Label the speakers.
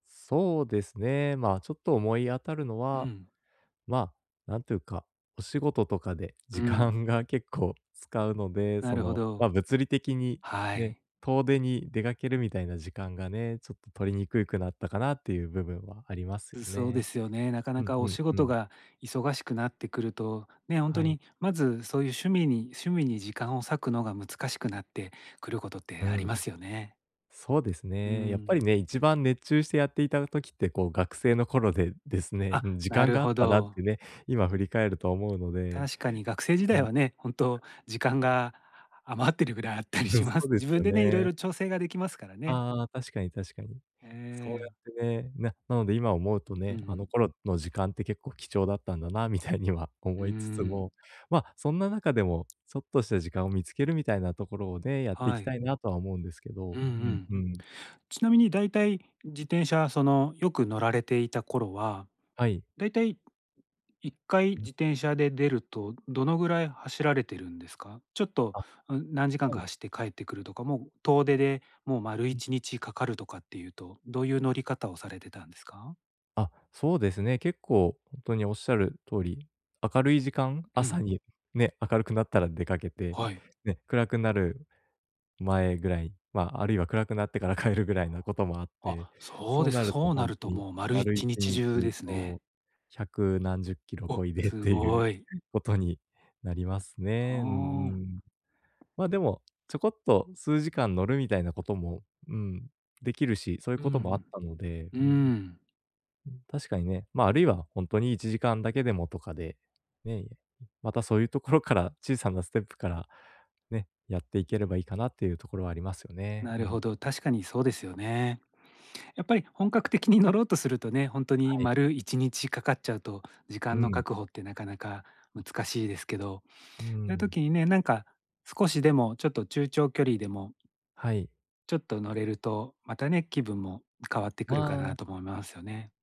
Speaker 1: そうですね、まあちょっと思い当たるの
Speaker 2: う
Speaker 1: は、
Speaker 2: ん。
Speaker 1: ま、なんていうか、お仕事とかで
Speaker 2: う
Speaker 1: 時
Speaker 2: ん。
Speaker 1: 間が結構使うので、
Speaker 2: な
Speaker 1: そ
Speaker 2: るほ
Speaker 1: の、
Speaker 2: ど。
Speaker 1: ま、物理的に、
Speaker 2: は
Speaker 1: ね、
Speaker 2: い。
Speaker 1: 遠出に出かけるみたいな時間がね、ちょっと取りにくくなったかなっていう部分はありますよ
Speaker 2: う、そうで
Speaker 1: ね。
Speaker 2: すよね。なかな
Speaker 1: うん
Speaker 2: かお
Speaker 1: うん
Speaker 2: 仕
Speaker 1: う
Speaker 2: 事
Speaker 1: ん。
Speaker 2: が忙しくなってくると、ね、ほんと
Speaker 1: はい。
Speaker 2: にまずそういう趣味に趣味に時間を割くのが難しくなってくる事っ
Speaker 1: う
Speaker 2: てありま
Speaker 1: ん。
Speaker 2: すよね。
Speaker 1: そうです
Speaker 2: う
Speaker 1: ね、やっぱり
Speaker 2: ん。
Speaker 1: ね、一番熱中してやっていた時って、こう、学生の頃でですね、
Speaker 2: あ、
Speaker 1: うん。時
Speaker 2: な
Speaker 1: 間
Speaker 2: る
Speaker 1: があっ
Speaker 2: ほ
Speaker 1: たなっ
Speaker 2: ど。
Speaker 1: てね、今振り返ると思うので。
Speaker 2: 確かに学生時
Speaker 1: う
Speaker 2: 代
Speaker 1: ん。
Speaker 2: はね、本当、時間
Speaker 1: [unintelligible]
Speaker 2: が余ってるぐらいあったり
Speaker 1: [unintelligible] す、
Speaker 2: しま
Speaker 1: そう
Speaker 2: す。
Speaker 1: で
Speaker 2: 自
Speaker 1: すよ
Speaker 2: 分でね、色
Speaker 1: ね。
Speaker 2: 々調整ができますからね。
Speaker 1: ああ、確かに確かに。
Speaker 2: え
Speaker 1: そうや
Speaker 2: え。
Speaker 1: ってね、ななので今思うと
Speaker 2: うん
Speaker 1: ね、
Speaker 2: う
Speaker 1: あの
Speaker 2: ん。
Speaker 1: 頃の時間って結構貴重だったんだなみたいには
Speaker 2: う
Speaker 1: 思
Speaker 2: ー
Speaker 1: いつつも、
Speaker 2: ん。
Speaker 1: まあそんな中でも、ちょっとした時間を見つけるみたいなところをね、やってい
Speaker 2: は
Speaker 1: きた
Speaker 2: い。
Speaker 1: いなとは思うんですけど、
Speaker 2: うんう
Speaker 1: うん
Speaker 2: ん。
Speaker 1: うん。
Speaker 2: ちなみに大体自転車、そのよく乗られていた頃は、
Speaker 1: はい。
Speaker 2: 大体1回
Speaker 1: うん。
Speaker 2: 自転車で出るとどのぐらい走られているんですか？ちょっと、
Speaker 1: あ。
Speaker 2: うん、何時間
Speaker 1: は
Speaker 2: か
Speaker 1: い。
Speaker 2: 走って帰ってくるとか、もう遠出でもう丸い
Speaker 1: うん。
Speaker 2: ちにちかかるとかっていうと、どういう乗り方をされてたんですか？
Speaker 1: あ、そうですね、結構ほんとにおっしゃる通り、明るい時間、
Speaker 2: う
Speaker 1: 朝
Speaker 2: ん。
Speaker 1: にね、明るくなったら出かけて、
Speaker 2: はい。
Speaker 1: ね、暗くなる前ぐらい、まあ、あるいは暗くなってから帰るぐらいなこともあって、
Speaker 2: あ、そう
Speaker 1: そう
Speaker 2: で
Speaker 1: な
Speaker 2: す。
Speaker 1: ると
Speaker 2: そう
Speaker 1: ほ
Speaker 2: な
Speaker 1: ん
Speaker 2: る
Speaker 1: と
Speaker 2: と
Speaker 1: に
Speaker 2: もう丸い
Speaker 1: 丸い
Speaker 2: ち
Speaker 1: ち
Speaker 2: にち
Speaker 1: に
Speaker 2: 中で
Speaker 1: ち
Speaker 2: す
Speaker 1: そ
Speaker 2: ね。
Speaker 1: う、100何十キロ
Speaker 2: お、
Speaker 1: こいでっ
Speaker 2: す
Speaker 1: ていう
Speaker 2: ごい。
Speaker 1: ことになります
Speaker 2: あ
Speaker 1: ね、うんう
Speaker 2: あ。
Speaker 1: ん。まあ、でもちょこっと数時間乗るみたいなことも、うん、できるし、そういう
Speaker 2: う
Speaker 1: こともあっ
Speaker 2: ん
Speaker 1: たので、
Speaker 2: うん。う
Speaker 1: うんうん。
Speaker 2: ん。
Speaker 1: うん、確かにね。まあ、あるいはほんとに1時間だけでもとかで、ね、またそういうところから、小さなステップから、ね、やっていければいいかなっていうところはありますよね、
Speaker 2: な
Speaker 1: う
Speaker 2: る
Speaker 1: ん。
Speaker 2: ほど、確かにそうですよね。やっぱり本格的に乗ろうとするとね、ほんとに
Speaker 1: はい。
Speaker 2: 丸1日かかっちゃうと、時
Speaker 1: う
Speaker 2: 間の
Speaker 1: ん。
Speaker 2: 確保ってなかなか難しいですけど。そ
Speaker 1: うー
Speaker 2: ういう
Speaker 1: ん。
Speaker 2: 時にね、なんか少しでもちょっと中長距離でも
Speaker 1: はい。
Speaker 2: ちょっと乗れると、またね、気分も変わってく
Speaker 1: あ
Speaker 2: るかな
Speaker 1: あ。
Speaker 2: と思いますよね。